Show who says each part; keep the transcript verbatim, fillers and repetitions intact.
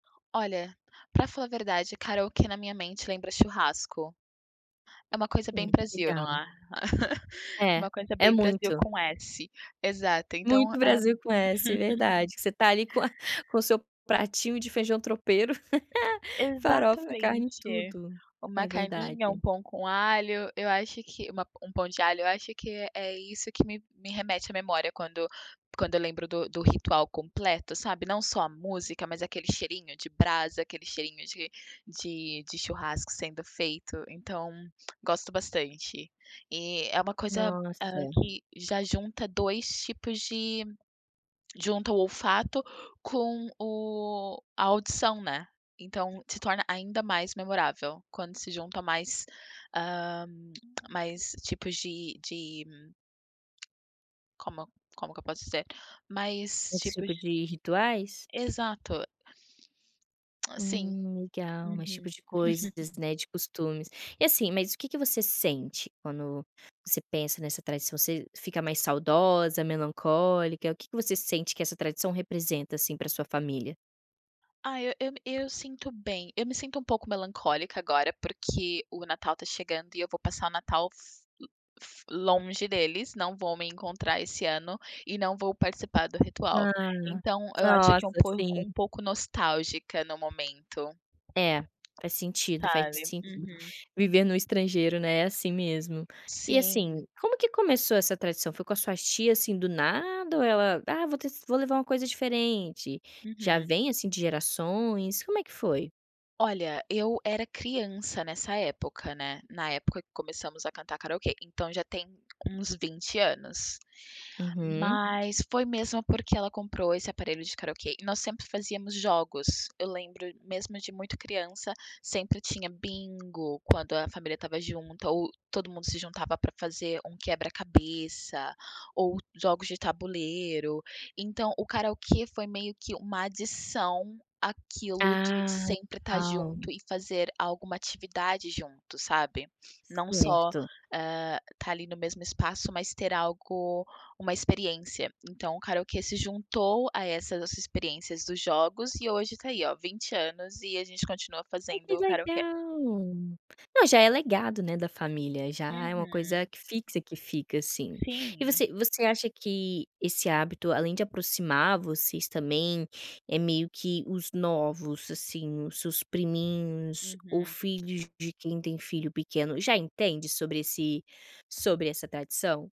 Speaker 1: Olha, para falar a verdade, karaokê o que na minha mente lembra churrasco. É uma coisa bem
Speaker 2: Hum,
Speaker 1: Brasil, não
Speaker 2: legal.
Speaker 1: é?
Speaker 2: É,
Speaker 1: Uma coisa
Speaker 2: é
Speaker 1: bem Brasil
Speaker 2: muito.
Speaker 1: com s, exato. Então
Speaker 2: Muito Brasil com s, verdade, que você está ali com a com o seu pratinho de feijão tropeiro, farofa, carne,
Speaker 1: Exatamente.
Speaker 2: tudo. É
Speaker 1: Uma carninha, um
Speaker 2: verdade.
Speaker 1: pão com alho, eu acho que uma um pão de alho. Eu acho que é é isso que me me remete à memória quando quando eu lembro do do ritual completo, sabe? Não só a música, mas aquele cheirinho de brasa, aquele cheirinho de de de churrasco sendo feito, então, gosto bastante. E é uma coisa, hã,
Speaker 2: Nossa.
Speaker 1: que já junta dois tipos de junta o olfato com o a audição, né. Então se torna ainda mais memorável, quando se junta mais, ah, mais tipos de de Como como que eu posso dizer? Mais
Speaker 2: Esse
Speaker 1: tipos
Speaker 2: tipo de rituais?
Speaker 1: Exato. Sim.
Speaker 2: Hum, legal, mais tipo
Speaker 1: Uhum.
Speaker 2: de coisas, né, de costumes. E, assim, mas o que que você sente quando você pensa nessa tradição, você fica mais saudosa, melancólica, o que que você sente que essa tradição representa, assim, para sua família?
Speaker 1: Ai, eu eu eu sinto bem, eu me sinto um pouco melancólica agora, porque o Natal tá chegando e eu vou passar o Natal lo fo longe deles, não vão me encontrar esse ano, e não vou participar do ritual.
Speaker 2: Ah,
Speaker 1: Então eu acho
Speaker 2: nossa,
Speaker 1: que é um pouco
Speaker 2: sim.
Speaker 1: um pouco nostálgica no momento.
Speaker 2: É, faz sentido, faz
Speaker 1: Sabe,
Speaker 2: sentido.
Speaker 1: uhum.
Speaker 2: Viver no estrangeiro, né, é assim mesmo. E, assim,
Speaker 1: Sim.
Speaker 2: como que começou essa tradição? Foi com as suas tia, assim, do nada ou ela: "Ah, vou ter vou levar uma coisa diferente." Já
Speaker 1: Uhum.
Speaker 2: vem, assim, de gerações? Como é que foi?
Speaker 1: Olha, eu era criança nessa época, né, na época que começamos a cantar karaokê, então já tem uns vinte anos.
Speaker 2: Uhum.
Speaker 1: Mas foi mesmo porque ela comprou esse aparelho de karaokê e nós sempre fazíamos jogos. Eu lembro mesmo de muito criança, sempre tinha bingo quando a família estava junta ou todo mundo se juntava para fazer um quebra-cabeça, ou jogos de tabuleiro, então o karaokê foi meio que uma adição àquilo de
Speaker 2: Ah,
Speaker 1: sempre estar
Speaker 2: legal.
Speaker 1: junto e fazer alguma atividade junto, sabe? Não só,
Speaker 2: Certo.
Speaker 1: hã, estar ali no mesmo espaço mas ter algo, uma experiência, então o karaokê se juntou a essas experiências dos jogos e hoje tá aí olha, vinte anos e a gente continua
Speaker 2: Ah, que
Speaker 1: fazendo karaokê.
Speaker 2: legal. Não, já é legado, né, da família, já é uma coisa
Speaker 1: Uhum.
Speaker 2: que fixa, que fica, assim. E
Speaker 1: Sim.
Speaker 2: você você acha que esse hábito, além de aproximar vocês também, é meio que os novos, assim, os seus priminhos ou
Speaker 1: Uhum.
Speaker 2: filhos de quem tem filho pequeno já entende sobre esse sobre essa tradição?